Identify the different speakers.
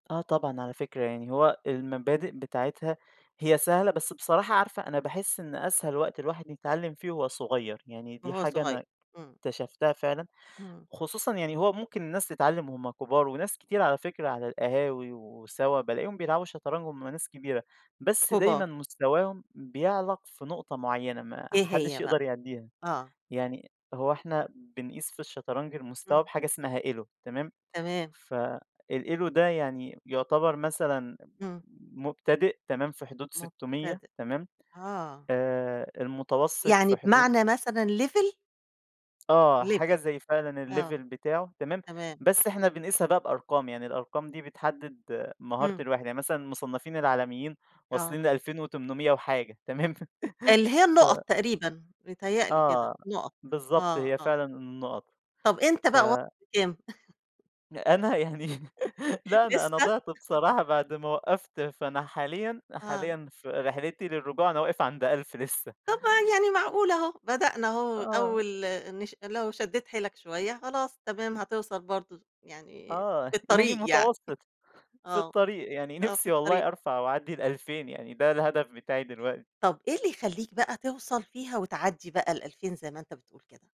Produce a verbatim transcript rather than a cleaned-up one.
Speaker 1: آه طبعًا على فكرة يعني، هو المبادئ بتاعتها هي سهلة بس بصراحة عارفة، أنا باحس إن أسهل وقت الواحد يتعلّم فيه وهو صغيّر، يعني دي
Speaker 2: وهو
Speaker 1: حاجة
Speaker 2: صغيّر.
Speaker 1: أنا
Speaker 2: إمم.
Speaker 1: اكتشفتها فعلًا،
Speaker 2: امم.
Speaker 1: خصوصًا يعني هو ممكن الناس تتعلّم وهُم كبار وناس كتير على فكرة على القهاوي وسوا بالاقيهم بيلعبوا شطرنج وهُم ناس كبيرة، بس دايمًا
Speaker 2: كبار.
Speaker 1: مستواهم بيعلَق في نقطة معيّنة ما
Speaker 2: إيه
Speaker 1: حدّش
Speaker 2: هي بقى؟
Speaker 1: يقدَر يعدّيها،
Speaker 2: آه.
Speaker 1: يعني هو إحنا بنقيس في الشطرنج المستوى
Speaker 2: إمم.
Speaker 1: بحاجة اسمها ELO تمام،
Speaker 2: تمام.
Speaker 1: فالELO ده يعني يعتبَر مثلًا
Speaker 2: إمم.
Speaker 1: مبتدئ تمام، في حدود ستمِيّة
Speaker 2: مُبتدِئ.
Speaker 1: تمام،
Speaker 2: آه.
Speaker 1: آآ المتوسط
Speaker 2: يعني
Speaker 1: في حدود
Speaker 2: بمعنى مثلًا level؟
Speaker 1: آه، حاجة
Speaker 2: level،
Speaker 1: زي فعلًا الlevel
Speaker 2: آه،
Speaker 1: بتاعه تمام،
Speaker 2: تمام.
Speaker 1: بس إحنا بنقيسها بقى بأرقام، يعني الأرقام دي بتحدّد مهارة
Speaker 2: إمم.
Speaker 1: الواحد، يعني مثلًا المصنَّفين العالميين
Speaker 2: آه.
Speaker 1: واصلين لألفين وتُمنمِيّة وحاجة تمام،
Speaker 2: اللي هي
Speaker 1: ف
Speaker 2: النقط تقريبًا، بيتهيّأ لي كده،
Speaker 1: آه
Speaker 2: نقط،
Speaker 1: بالضبط،
Speaker 2: آه،
Speaker 1: هي
Speaker 2: آه.
Speaker 1: فعلًا النقط،
Speaker 2: طَب أنت
Speaker 1: ف
Speaker 2: بقى واصِل لكام؟
Speaker 1: أنا يعني، لا أنا
Speaker 2: لسه؟
Speaker 1: أنا ضِعت بصراحة بَعد ما وقّفت، فأنا حاليًا،
Speaker 2: آه.
Speaker 1: حاليًا في رحلتي للرجوع، أنا واقف عند ألْف لسه.
Speaker 2: طَب ع يعني معقولة أهو، بدأنا أهو
Speaker 1: آه.
Speaker 2: أول نش لو شدّيت حيلك شوية، خلاص تمام، هتوصَل برضه يعني،
Speaker 1: آه،
Speaker 2: في
Speaker 1: يعني
Speaker 2: الطريق يعني،
Speaker 1: متوسّط، في
Speaker 2: آه،
Speaker 1: الطريق يعني
Speaker 2: آه في
Speaker 1: نفِسي
Speaker 2: الطريق.
Speaker 1: والله أرفَع وأعدّي الألفين يعني ده الهدف بتاعي دلوقتي.
Speaker 2: طب إيه اللي يخلّيك بقى توصَل فيها وتعدّي بقى الألفين زي ما أنت بتقول كده؟